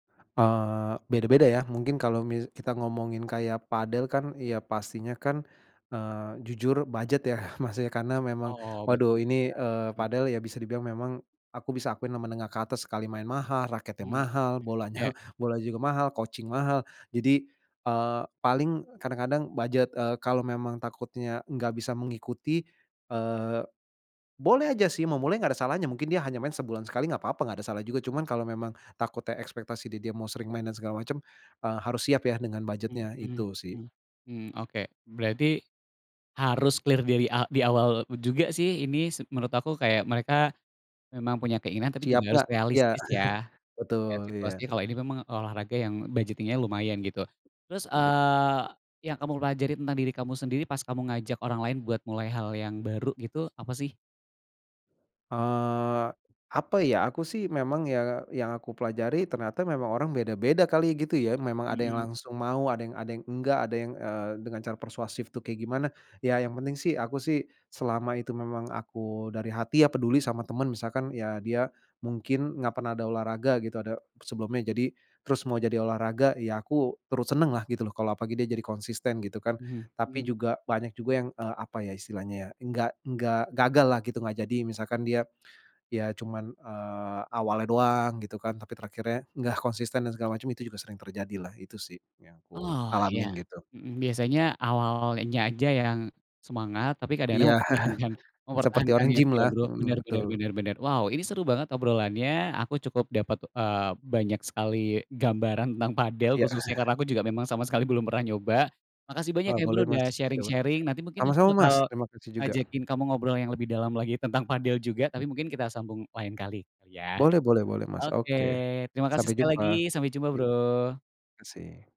Eee, beda-beda ya, mungkin kalo mis kita ngomongin kaya padel kan, ya pastinya kan, eee, jujur budget ya maksudnya, karena memang, Oh, betul waduh ini, eee, juga. Mhm. padel ya bisa dibilang memang aku bisa akuin menengah ke atas, sekali main mahal, raketnya Mhm. mahal, bolanya Iya. bolanya juga mahal, coaching mahal. Jadi, eee, paling kadang-kadang budget, eee, kalau memang takutnya nggak bisa mengikuti, eee, boleh aja sih mau mulai, nggak ada salahnya, mungkin dia hanya main sebulan sekali nggak apa-apa, nggak ada salah juga, cuman kalau memang takutnya ekspektasi dia, dia mau sering main dan segala macem, eee, harus siap ya dengan Mhm, budget-nya, mmm itu sih. mmm mmm, oke, berarti harus clear dari a di awal juga sih ini, s menurut aku kayak mereka memang punya keinginan tapi Siap juga harus nggak, iya. realistis, ya. Melihat Betul, situasinya, iya. kalau ini memang olahraga yang budgeting nya lumayan, gitu. Terus, Bet eee, yang kamu pelajari tentang diri kamu sendiri pas kamu ngajak orang lain buat mulai hal yang baru gitu, apa sih? Eee, apa ya, aku sih memang yang yang aku pelajari ternyata memang orang beda-beda kali ya, gitu ya, memang ada yang Mhm. langsung mau, ada yang ada yang enggak, ada yang, eee, dengan cara persuasif tuh kayak gimana. Ya, yang penting sih aku sih, selama itu memang aku dari hati ya, peduli sama teman, misalkan ya dia mungkin nggak pernah ada olahraga gitu, ada sebelumnya, jadi terus mau jadi olahraga, ya aku terus seneng lah, gitu loh. Kalau apalagi dia jadi konsisten, gitu kan, Mhm tapi mhm. juga banyak juga yang, apa ya istilahnya, ya, nggak nggak gagal lah, gitu nggak jadi, misalkan dia ya cuman, eee, awalnya doang, gitu kan. Tapi terakhirnya nggak konsisten dan segala macam itu juga sering terjadilah, itu sih yang aku Oh, iya. alamin, gitu. Mhm, biasanya awalnya aja yang semangat, tapi Iya. kadang-kadang mempertahankan Seperti orang mempertahankannya gym itu ya, lah. Bro, bener Mhm, bener betul. bener bener. Wow, ini seru banget obrolannya, aku cukup dapet, eee, banyak sekali gambaran tentang padel, Ya. khususnya, karena aku juga memang sama sekali belum pernah nyoba, makasih banyak Eee, ya, Bro, boleh, Mas. udah sharing-sharing, [unintelligible] nanti mungkin aku Sama-sama, bakal Mas, terima kasih juga. ngajakin kamu ngobrol yang lebih dalam lagi tentang padel juga, tapi mungkin kita sambung lain kali, gitu ya. Boleh boleh boleh, Mas. Oke, Oke, terima kasih sampai sekali lagi, jumpa. sampai jumpa, Ya. Bro. Kasih